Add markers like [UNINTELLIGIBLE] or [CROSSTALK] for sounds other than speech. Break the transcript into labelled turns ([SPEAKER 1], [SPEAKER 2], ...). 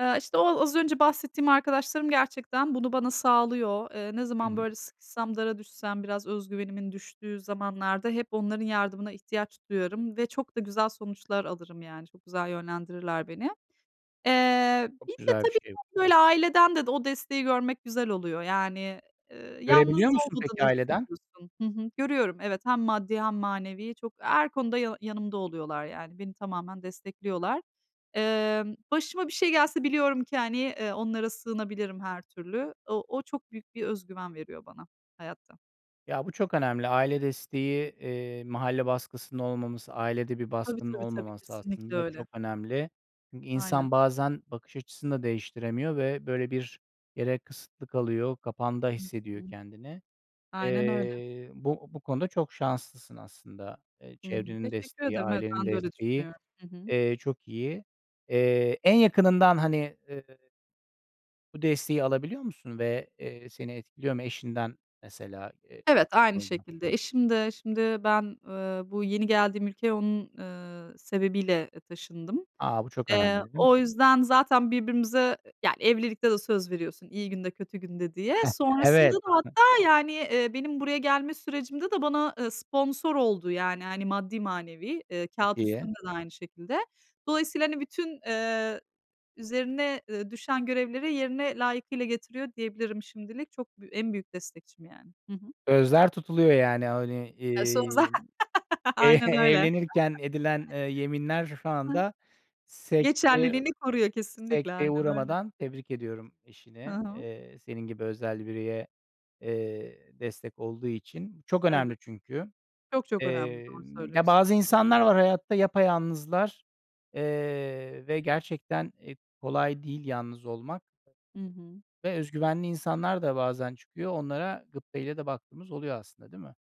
[SPEAKER 1] Eee, işte, o az önce bahsettiğim arkadaşlarım gerçekten bunu bana sağlıyor. Eee, ne
[SPEAKER 2] Hı
[SPEAKER 1] zaman,
[SPEAKER 2] hı.
[SPEAKER 1] böyle, sıkışsam, dara düşsem, biraz özgüvenimin düştüğü zamanlarda hep onların yardımına ihtiyaç duyarım ve çok da güzel sonuçlar alırım, yani. Çok güzel yönlendirirler beni. Eee, bir
[SPEAKER 2] Çok
[SPEAKER 1] de
[SPEAKER 2] güzel bir
[SPEAKER 1] tabii
[SPEAKER 2] şey bu.
[SPEAKER 1] ki böyle aileden de o desteği görmek güzel oluyor. Yani, eee, yalnız
[SPEAKER 2] Görebiliyor musun peki
[SPEAKER 1] olmadığını
[SPEAKER 2] aileden?
[SPEAKER 1] hissediyorsun. Hı hı, görüyorum evet, hem maddi hem manevi çok. Her konuda ya yanımda oluyorlar, yani. Beni tamamen destekliyorlar. Emm, başıma bir şey gelse biliyorum ki, hani, eee, onlara sığınabilirim her türlü. O o çok büyük bir özgüven veriyor bana hayatta.
[SPEAKER 2] Ya, bu çok önemli. Aile desteği, eee, mahalle baskısının olmaması, ailede bir
[SPEAKER 1] Tabii
[SPEAKER 2] baskının
[SPEAKER 1] tabii tabii,
[SPEAKER 2] olmaması
[SPEAKER 1] kesinlikle
[SPEAKER 2] aslında
[SPEAKER 1] öyle.
[SPEAKER 2] çok önemli. Çünkü
[SPEAKER 1] Aynen.
[SPEAKER 2] insan bazen bakış açısını da değiştiremiyor ve, böyle, bir yere kısıtlı kalıyor, kapanda
[SPEAKER 1] Hı hı.
[SPEAKER 2] hissediyor kendini.
[SPEAKER 1] Aynen öyle.
[SPEAKER 2] Eee, bu bu konuda çok şanslısın aslında. Eee,
[SPEAKER 1] Hı hı.
[SPEAKER 2] çevrenin
[SPEAKER 1] Teşekkür
[SPEAKER 2] desteği,
[SPEAKER 1] ederim, evet.
[SPEAKER 2] ailenin
[SPEAKER 1] Ben de öyle
[SPEAKER 2] desteği,
[SPEAKER 1] düşünüyorum. Hı hı.
[SPEAKER 2] eee, çok iyi. Eee, en yakınından, hani, eee bu desteği alabiliyor musun ve, eee, seni etkiliyor mu? Eşinden mesela, eee,
[SPEAKER 1] Evet, aynı
[SPEAKER 2] [UNINTELLIGIBLE]
[SPEAKER 1] şekilde. Eşim de şimdi ben, eee, bu yeni geldiğim ülkeye onun, eee, sebebiyle, eee, taşındım.
[SPEAKER 2] A! Bu çok önemli,
[SPEAKER 1] Eee,
[SPEAKER 2] değil mi?
[SPEAKER 1] o yüzden zaten birbirimize yani, evlilikte de söz veriyorsun iyi günde, kötü günde diye.
[SPEAKER 2] [CHUCKLES]
[SPEAKER 1] Sonrasında
[SPEAKER 2] Evet.
[SPEAKER 1] da hatta, yani, eee, benim buraya gelme sürecimde de bana, eee, sponsor oldu, yani, hani, maddi manevi. Eee,
[SPEAKER 2] Çok
[SPEAKER 1] kâğıt
[SPEAKER 2] iyi.
[SPEAKER 1] üstünde de aynı şekilde. Dolayısıyla, hani, bütün, eee, üzerine, eee, düşen görevleri yerine layıkıyla getiriyor diyebilirim, şimdilik. Çok bü en büyük destekçim, yani. Hı hı.
[SPEAKER 2] Sözler tutuluyor, yani, hani,
[SPEAKER 1] E, son za
[SPEAKER 2] eee,
[SPEAKER 1] [LAUGHS]
[SPEAKER 2] e
[SPEAKER 1] Aynen öyle.
[SPEAKER 2] evlenirken edilen, eee, yeminler şu
[SPEAKER 1] Hı hı.
[SPEAKER 2] anda sekteye
[SPEAKER 1] Geçerliliğini koruyor, kesinlikle.
[SPEAKER 2] sekteye
[SPEAKER 1] Aynen öyle.
[SPEAKER 2] uğramadan Tebrik ediyorum
[SPEAKER 1] Hı
[SPEAKER 2] eşini,
[SPEAKER 1] hı.
[SPEAKER 2] eee, senin gibi özel bireye, eee, destek olduğu için. Bu çok
[SPEAKER 1] Evet.
[SPEAKER 2] önemli çünkü.
[SPEAKER 1] Çok çok önemli,
[SPEAKER 2] Eee,
[SPEAKER 1] doğru
[SPEAKER 2] ya,
[SPEAKER 1] söylüyorsun.
[SPEAKER 2] bazı insanlar var hayatta yapayalnızlar, eee, ve gerçekten, eee, kolay değil yalnız olmak.
[SPEAKER 1] Hı hı.
[SPEAKER 2] Ve özgüvenli insanlar da bazen çıkıyor. Onlara gıpta ile de baktığımız oluyor aslında, değil mi?